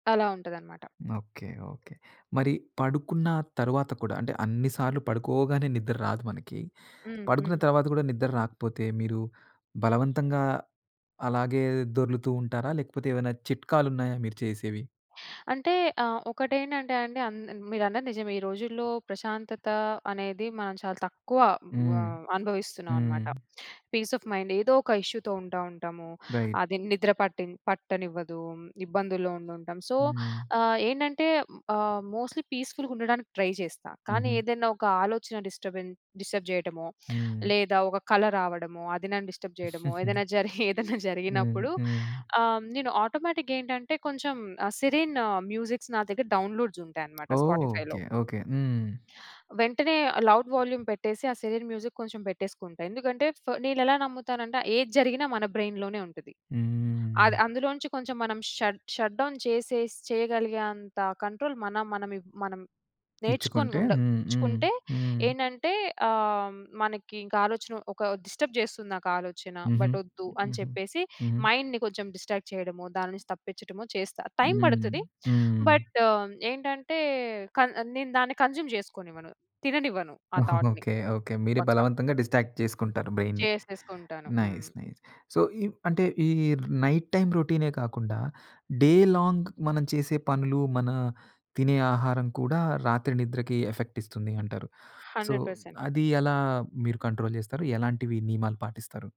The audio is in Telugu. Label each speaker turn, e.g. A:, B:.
A: అలా ఉంటాదనమాట.
B: ఓకె. ఓకె. మరి పడుకున్న తరువాత కూడా అంటే అన్ని సార్లు పడుకోగానే నిద్ర రాదు మనకి.
A: హ్మ్.
B: పడుకున్న
A: హ్మ్.
B: తర్వాత గూడా నిద్ర రాకపోతే, మీరు బలవంతంగా అలాగే దొర్లుతూ ఉంటారా? లేకపోతే ఏమైనా చిట్కాలున్నాయా మీరు చేసేవి?
A: అంటే ఆహ్, ఒకటేంటంటే అండి అన్ మీరన్నది నిజమే. ఈ రోజుల్లో ప్రశాంతత అనేది మనం చాలా తక్కువ
B: హ్మ్.
A: ఆహ్, అనుభవిస్తున్నామనమాట.
B: హ్మ్.
A: Peace of mind. ఏదోక ఇష్యూ‌తో ఉంటా ఉంటాము.
B: రైట్.
A: అది నిద్ర పట్టి పట్టనివ్వదు, ఇబ్బందుల్లో ఉండుంటాం. సో
B: హ్మ్.
A: ఆహ్, ఏంటంటే ఆహ్, మోస్ట్‌లీ పీస్‌ఫుల్‌గ ఉండడానికి ట్రై చేస్తా. కానీ
B: హుహు.
A: ఏదైనా ఒక ఆలోచన డిస్టర్బెన్ డిస్టర్బ్ చేయటమో,
B: హ్మ్.
A: లేదా ఒక కళ రావడమో అది నన్ను డిస్టర్బ్ జేయడమో, ఏదైనా జరి ఏదన్నా
B: హ్మ్.
A: జరిగినప్పుడు
B: హ్మ్.
A: ఆహ్, నేను ఆటోమేటిక్ గేంటంటే కొంచెం ఆహ్, సిరిన్ మ్యూజిక్స్ నా దగ్గర డౌన్‌లోడ్స్ ఉంటాయనమాట
B: ఓహ్!
A: స్పాటిఫై‌లో.
B: ఓకె. ఓకె. హ్మ్.
A: వెంటనే లౌడ్ వాల్యూమ్ పెట్టేసి, ఆ సిరిన్ మ్యూజిక్ కొంచెం బెట్టేసుకుంటా. ఎందుకంటే, ఫ నేనెలా నమ్ముతానంటే ఏది జరిగినా మన బ్రైన్‌లోనే ఉంటది.
B: హ్మ్ హ్మ్
A: అది
B: హ్మ్.
A: అందులో నుంచి కొంచెం మనం షట్ షట్‌డౌన్ చేసేసి చేయగలిగేంత కంట్రోల్ మనం మనం మనం నేర్చుకొని
B: ఇచ్చుకుంటే
A: ఉండ
B: హ్మ్, హ్మ్,
A: నేర్చుచ్చుకుంటే
B: హ్మ్.
A: ఏంటంటే ఆహ్, మనకింకా ఆలోచన ఒక డిస్టర్బ్ జేస్తుంది నాకాలోచన.
B: హుహు.
A: బట్ ఒద్దు అని
B: హుహు.
A: చెప్పేసి,
B: హుహు.
A: మైండ్‌ని కొంచెం డిస్ట్రాక్ట్ చేయడమో, దాని నుంచి తప్పించడమో చేస్తా, టైం
B: హ్మ్.
A: బడతది.
B: హ్మ్.
A: బట్ ఏంటంటే క నేను దాన్ని కన్జ్యూమ్ జేసుకోనివ్వను, తిననివ్వను. ఆ థాట్‌ని
B: ఓకె. ఓకె. మీరే
A: పక్క.
B: బలవంతంగా డిస్ట్రాక్ట్ చేసుకుంటారు బ్రైను.
A: చేసేసుకుంటాను.
B: నైస్
A: హ్మ్.
B: నైస్. సో ఇ అంటే ఈ నైట్ టైమ్ రొటీనే కాకుండా, డే లాంగ్ మనం చేసే పనులు, మన తినే ఆహారం కూడా రాత్రి నిద్రకి ఎఫెక్ట్ ఇస్తుంది అంటారు. సో
A: 100%.
B: అది ఎలా మీరు కంట్రోల్ జేస్తారు? ఎలాంటివి నియమాలు పాటిస్తారు?